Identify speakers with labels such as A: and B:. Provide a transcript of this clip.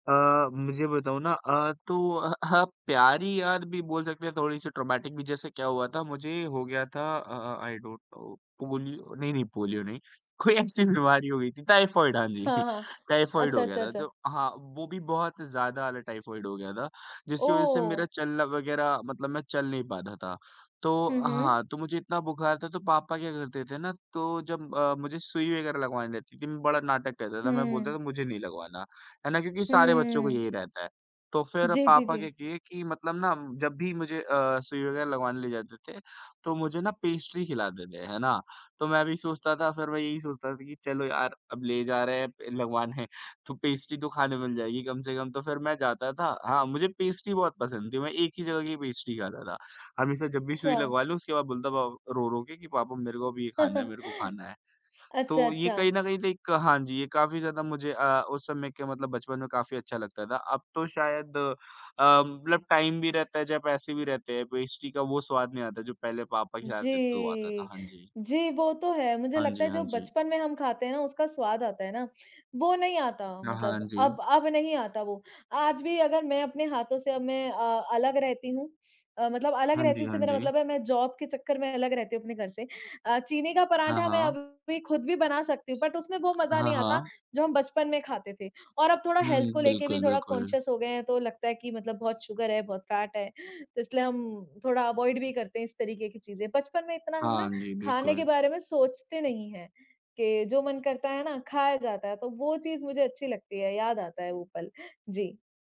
A: अ, मुझे बताऊँ ना अ, तो अ अ, हाँ आप प्यारी याद भी बोल सकते हैं, थोड़ी-सी ट्रॉमेटिक भी जैसे क्या हुआ था मुझे हो गया था अ अ, आई डोंट नो पोलि नहीं, नहीं पोलियो नहीं, कोई ऐसी बीमारी हो गयी थी टाइफॉइड हाँ जी,
B: हाँ, हाँ।
A: टाइफॉइड
B: अच्छा,
A: हो गया
B: अच्छा,
A: था। तो
B: अच्छा।
A: हाँ, वो भी बहुत ज़्यादा वाला टाइफॉइड हो गया था, जिसकी वज़ह से मेरा
B: ओह!
A: चलना वग़ैरह मतलब मैं चल नहीं पाता था। तो
B: हुँ, हुँ।
A: हाँ, तो मुझे इतना बुखार था, तो पापा क्या करते थे ना तो जब अ, मुझे सुई वग़ैरह लगवाने रहती थी, मैं बड़ा नाटक करता था, मैं बोलता
B: हुँ।
A: था मुझे नहीं लगवाना। है ना, क्योंकि सारे बच्चों को
B: हुँ।
A: यही रहता है, तो फिर
B: जी, जी,
A: पापा क्या
B: जी।
A: किए कि मतलब ना जब भी मुझे अ, सुई वग़ैरह लगवाने ले जाते थे, तो मुझे ना पेस्ट्री खिलाते थे, है ना? तो मैं भी सोचता था फिर मैं यही सोचता था कि चलो यार अब ले जा रहे हैं लगवाने। तो पेस्ट्री तो खाने मिल जाएगी कम से कम, तो फिर मैं जाता था हाँ मुझे पेस्ट्री बहुत पसंद थी। मैं एक ही जगह की पेस्ट्री खाता था। हमेशा जब भी सुई
B: अच्छा।
A: लगवा लूँ, उसके बाद बोलता पा रो-रो के कि पापा मेरे को अभी ये खाना है, मेरे को खाना है। तो
B: अच्छा,
A: ये
B: अच्छा।
A: कहीं न कहीं लाइक हाँ जी, ये काफ़ी ज़्यादा मुझे अ, उस समय के मतलब बचपन में काफ़ी अच्छा लगता था। अब तो शायद अ, मतलब टाइम भी रहता है, या पैसे भी रहते हैं, पेस्ट्री का वो स्वाद नहीं आता, जो पहले पापा खिलाते तो आता था।
B: जी।
A: हाँ जी।
B: जी, वो तो है। मुझे
A: हाँ
B: लगता
A: जी,
B: है
A: हाँ
B: जो
A: जी।
B: बचपन में हम खाते हैं ना, उसका स्वाद आता है ना, वो नहीं आता
A: हाँ, हाँ।
B: मतलब अब
A: जी।
B: अब नहीं आता वो। आज भी अगर मैं अपने हाथों से अब मैं अ, अलग रहती हूँ अ, मतलब अलग
A: हाँ जी,
B: रहती हूँ, इससे
A: हाँ
B: मेरा
A: जी।
B: मतलब है मैं जॉब के चक्कर में अलग रहती हूँ अपने घर से अ, चीनी का
A: हाँ,
B: पराँठा मैं
A: हाँ।
B: अभी भी ख़ुद भी बना सकती हूँ, बट उसमें वो मज़ा
A: हाँ,
B: नहीं आता,
A: हाँ।
B: जो हम बचपन में खाते थे और अब थोड़ा हेल्थ
A: हुँ,
B: को लेके भी
A: बिल्कुल,
B: थोड़ा
A: बिल्कुल।
B: कॉन्शियस हो गए हैं, तो लगता है कि मतलब बहुत शुगर है, बहुत फैट है। तो इसलिए हम थोड़ा अवॉइड भी करते हैं इस तरीक़े की चीज़ें। बचपन में इतना हम
A: हाँ
B: ना
A: जी,
B: खाने के
A: बिल्कुल।
B: बारे में सोचते नहीं हैं, कि जो मन करता है ना खाया जाता है, तो वो चीज़ मुझे अच्छी लगती है, याद आता है वो पल। जी।